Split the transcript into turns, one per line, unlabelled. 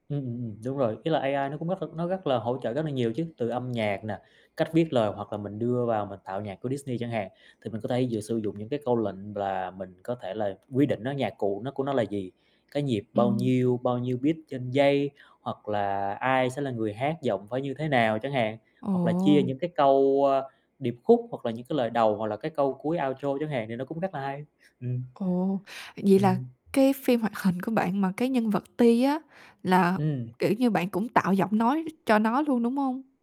Ừm, ừm, ừm, đúng rồi, ý là AI nó cũng rất là nó rất là hỗ trợ rất là nhiều chứ, từ âm nhạc nè, cách viết lời hoặc là mình đưa vào mình tạo nhạc của Disney chẳng hạn, thì mình có thể vừa sử dụng những cái câu lệnh v là mình có thể là quy định nó nhạc cụ nó của nó là gì, cái nhịp bao
Ừm.
nhiêu, bao nhiêu beat trên giây hoặc là ai sẽ là người hát, giọng phải như thế nào chẳng hạn, hoặc là chia
Ồ.
những cái câu, a, điệp khúc hoặc là những cái lời đầu, hoặc là cái câu cuối outro chẳng hạn thì nó cũng rất là hay, ừm.
Ồ, vậy thì là
Ừm.
cái phim hoạt hình của bạn mà cái nhân vật Ti á là,
Ừm.
kiểu như, bạn cũng tạo giọng nói cho nó luôn, đúng hông?